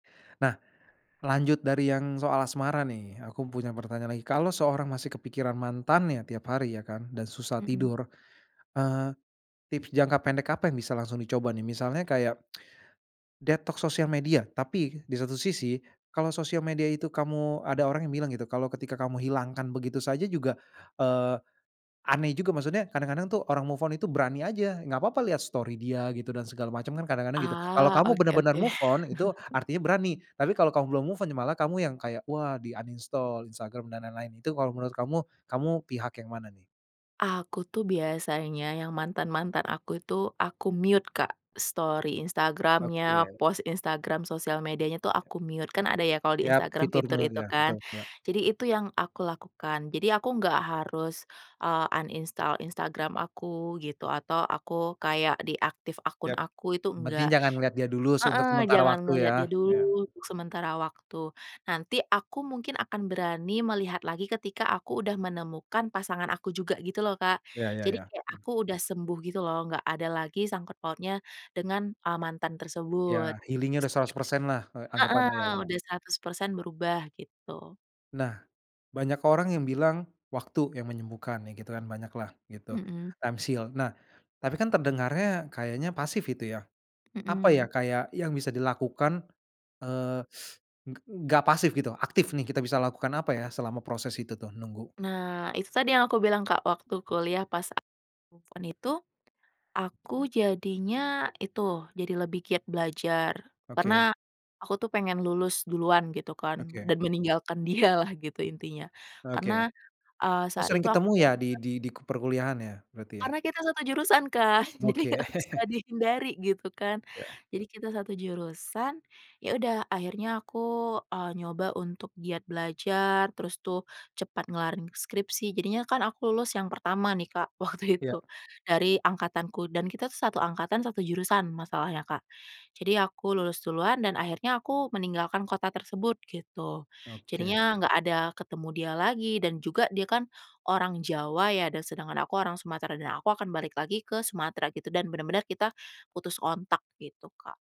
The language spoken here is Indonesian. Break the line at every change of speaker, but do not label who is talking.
Nah, lanjut dari yang soal asmara, nih. Aku punya pertanyaan lagi, kalau seorang masih kepikiran mantannya, tiap hari, ya kan, dan susah
Mhm.
tidur, eee, tips jangka pendek apa yang bisa langsung dicoba, nih? Misalnya kayak detox sosial media, tapi di satu sisi, kalau sosial media itu kamu ada orang yang bilang gitu, kalau ketika kamu hilangkan begitu saja juga eee, aneh juga. Maksudnya kadang-kadang, tuh, orang move on itu berani aja, nggak papa lihat story dia gitu dan segala macem kadang-kadang, gitu. Kalau
Ah,
kamu
oke
bener-bener
oke.
move on, itu artinya berani, tapi kalau kamu belum move on, ya malah kamu yang kayak, wah, di uninstall Instagram dan lain-lain. Itu kalau menurut kamu, kamu pihak yang mana, nih?
Aku tuh biasanya yang mantan-mantan aku itu aku mute Kak, story Instagram-nya,
Oke.
post Instagram sosial medianya tuh
Ya.
aku mute. Kan ada ya kalau di
Yap,
Instagram
fitur
fitur itu
mute,
kan,
betul, yak.
jadi itu yang aku lakukan. Jadi aku nggak harus, eee, uninstall Instagram aku gitu, atau aku kayak deactive akun
Yap,
aku, itu
yang penting
enggak
jangan ngeliat dia dulu s untuk
heeh,
sementara
jangan
waktu
ngelihat
ya?
dia dulu
Iya.
untuk sementara waktu. Nanti aku mungkin akan berani melihat lagi ketika aku udah menemukan pasangan aku juga gitu loh, Kak.
Ya ya
Jadi
ya.
kayak
Mhm.
aku udah sembuh gitu loh, nggak ada lagi sangkut pautnya dengan, eee, mantan
Iya,
tersebut.
healing-nya
Terus
udah
juga
100% lah, eee,
heeh,
anggepannya ya ya?
udah 100% berubah, gitu.
Nah, banyak orang yang bilang waktu yang menyembuhkan ya gitu kan banyak lah gitu,
Mhm.
times heal. Nah tapi kan terdengarnya kayaknya pasif itu ya, apa ya,
Mhm.
kayak yang bisa dilakukan, eee, g gak pasif gitu, aktif, nih kita bisa lakukan apa ya selama proses itu tuh, nunggu?
Nah, itu tadi yang aku bilang Kak, waktu kuliah pas aku move on itu, aku jadinya itu, jadi lebih giat belajar
Oke.
karena aku tuh pengen lulus duluan gitu kan,
Oke.
dan meninggalkan dia lah gitu intinya
Oke.
karena eee,
Oh
saat
sering
itu aku
ketemu ya
bener-bener
di di di ke perkuliahan ya berarti ya?
karena kita 1 jurusan kan, jadi nggak
Oke.
bisa dihindari gitu kan,
Iya.
jadi kita 1 jurusan. Yaudah akhirnya aku, eee, nyoba untuk giat belajar, terus tuh cepat ngelarin skripsi, jadinya kan aku lulus yang pertama nih Kak, waktu
Iya.
itu dari angkatanku dan kita tuh 1 angkatan, 1 jurusan, masalahnya, Kak. Jadi aku lulus duluan dan akhirnya aku meninggalkan kota tersebut gitu,
Oke.
jadinya nggak ada ketemu dia lagi dan juga dia kan orang Jawa ya dan sedangkan aku orang Sumatera dan aku akan balik lagi ke Sumatera gitu dan bener-bener kita putus kontak gitu, Kak.